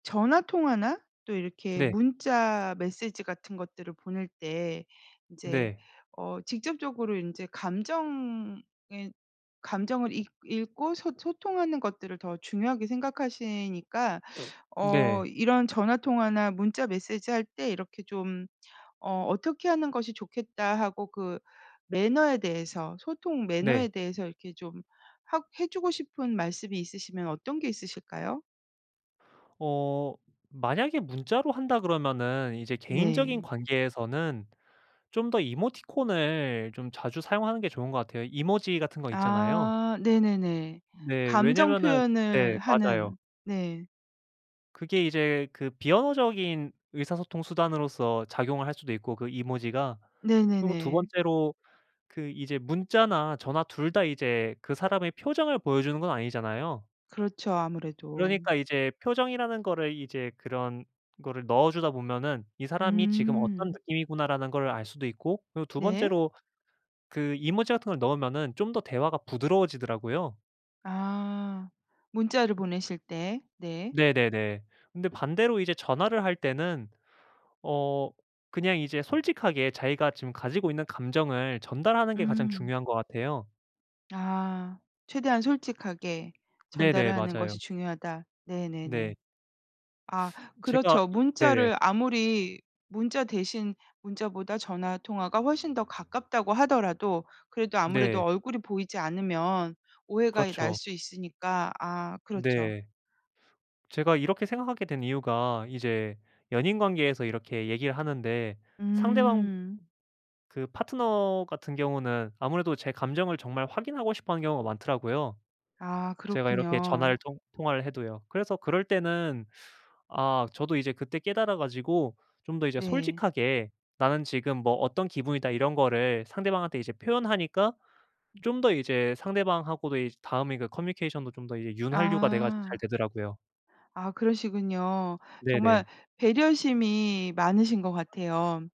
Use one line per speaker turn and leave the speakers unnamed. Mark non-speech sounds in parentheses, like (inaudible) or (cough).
전화 통화나 또 이렇게
네.
문자 메시지 같은 것들을 보낼 때 이제
네.
어 직접적으로 인제 감정에 감정을 읽 읽고 소 소통하는 것들을 더 중요하게 생각하시니까 (sucks teeth) 어
네.
이런 '전화 통화나 문자 메시지 할 때 이렇게 좀 어 어떻게 하는 것이 좋겠다' 하고 그 매너에 대해서, 소통
네.
매너에 대해서 이렇게 좀 하 해 주고 싶은 말씀이 있으시면 어떤 게 있으실까요?
어 만약에 문자로 한다 그러면은 이제 개인적인
네.
관계에서는 좀 더 이모티콘을 좀 자주 사용하는 게 좋은 것 같아요. 이모지 같은 거 있잖아요.
아 네네네.
네.
감정
왜냐하면은 네.
표현을
맞아요.
하는. 네.
그게 이제 그 비언어적인 의사소통 수단으로써 작용을 할 수도 있고 그 이모지가. 그리고 2
네네네.
번째로 그 이제 문자나 전화 2 다 이제 그 사람의 표정을 보여 주는 건 아니잖아요.
그렇죠. 아무래도.
그러니까 이제 표정이라는 거를 이제 그런 거를 넣어 주다 보면은 '이 사람이 지금 어떤
음.
느낌이구나.'라는 거를 알 수도 있고, 그리고 2
네.
번째로 그 이모지 같은 걸 넣으면은 좀 더 대화가 부드러워지더라고요.
아 문자를 보내실 때. 네.
네네네. 근데 반대로 이제 전화를 할 때는 어 그냥 이제 솔직하게 자기가 지금 가지고 있는 감정을 전달하는 게 가장
음.
중요한 것 같아요.
아 최대한 솔직하게 전달을
네네.
하는
맞아요.
것이 중요하다.
네.
네네네. 아
(sucks teeth) 제가
그렇죠.
이 네네.
문자를 아무리 문자 대신 문자보다 전화 통화가 훨씬 더 가깝다고 하더라도 그래도 아무래도
네.
얼굴이 보이지 않으면 오해가 이 날
그렇죠.
수 있으니까. 아 그렇죠.
네. 제가 이렇게 생각하게 된 이유가 이제 연인 관계에서 이렇게 얘기하는데 상대방
음.
그 파트너 같은 경우는 아무래도 제 감정을 정말 확인하고 싶어 하는 경우가 많더라고요.
아
제가 이렇게 전화를
그렇군요.
통 통화를 해도요. 그래서 그럴 때는 아 저도 이제 그때 깨달아 가지고 좀 더 이제
네.
솔직하게 "나는 지금 뭐 어떤 기분이다." 이런 거를 상대방한테 이제 표현하니까 좀 더 이제 상대방하고도 이제 다음에 이게 커뮤니케이션도 좀 더 이제 윤활유가 돼 가지고 잘
아.
되더라고요.
아 그러시군요. 정말
네네.
배려심이 많으신 것 같아요.